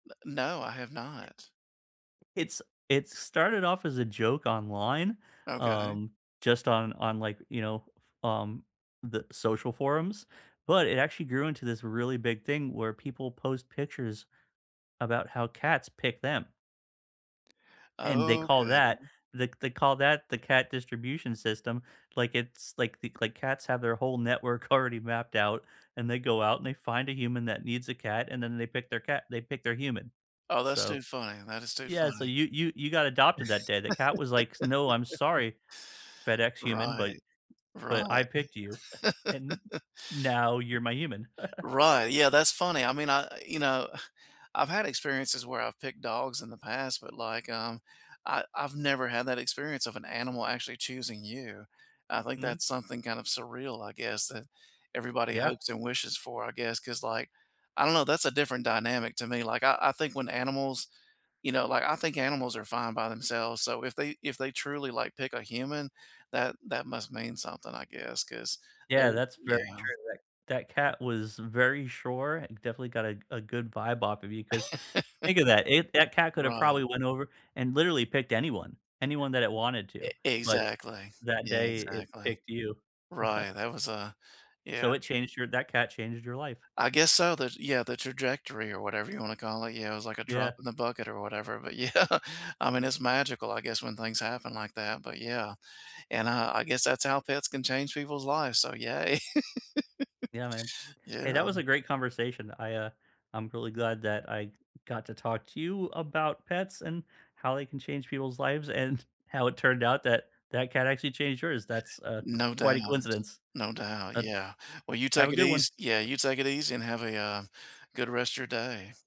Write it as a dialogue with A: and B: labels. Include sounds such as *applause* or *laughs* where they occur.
A: N no, I have not.
B: It s it started off as a joke online,
A: Okay.
B: um, just on on, like, you know, um, the social forums, but, it actually grew into this really big thing where people post pictures about how cats pick them. And they call that
A: Okay.
B: the they call that the cat distribution system. Like it's, like like the like cats have their whole network already mapped out and they go out and they find a human that needs a cat and then they pick their cat they pick their human.
A: Oh, that's too
B: So
A: funny, that is too
B: Yeah, so
A: funny.
B: you you you got adopted that day, the cat was like, "No, I'm
A: *laughs*
B: sorry, FedEx human, but
A: Right.
B: but I
A: Right.
B: picked you *chuckles* and
A: *chuckles*
B: now you're my human." *chuckles*
A: Right, yeah, that's funny, I mean, I I You know, *sighs* I've had experiences where I've picked dogs in the past, but, like, um, I I've never had that experience of an animal actually choosing you. I think
B: Mm.
A: that's something kind of surreal, I guess, that everybody
B: Yeah.
A: hopes and wishes for, I guess, 'cause, like I don't know, that's a different dynamic to me, like, I I think when animals you know, like I think animals are fine by themselves, so if they if they truly, like, pick a human, that that must mean something, I guess, 'cause
B: Yeah,
A: they're
B: that's very
A: Yeah.
B: true. That that cat was very sure, and definitely got a a good vibe off of you 'cause think of that. If that
A: *chuckles*
B: cat could have
A: Right.
B: probably went over and literally picked anyone. Anyone that it wanted to,
A: Ex
B: but
A: exactly.
B: that
A: Yeah,
B: day it
A: exactly.
B: picked you.
A: Right,
B: *chuckles*
A: that was a Yeah,
B: So it
A: true.
B: changed your That cat changed your life.
A: I guess so, that yeah, the trajectory or whatever you wanna to call it, yeah, it was like a drop
B: Yeah.
A: in the bucket or whatever, but, yeah. I mean, it's magical, I guess, when things happen like that, but, yeah. And I I guess that's how pets can change people's lives, so yay.
B: Yeah man.
A: *laughs*
B: Hey,
A: Yeah.
B: that was a great conversation. I, uh I'm really glad that I got to talk to you about pets and, how they can change people's lives and how it turned out that, that cat actually changed yours. That's, uh,
A: No doubt.
B: quite a coincidence.
A: No doubt,
B: Uh
A: yeah. Well, you
B: Have
A: take
B: a
A: it
B: good one.
A: eas Yeah, you take it easy and have a, uh, good rest of your day.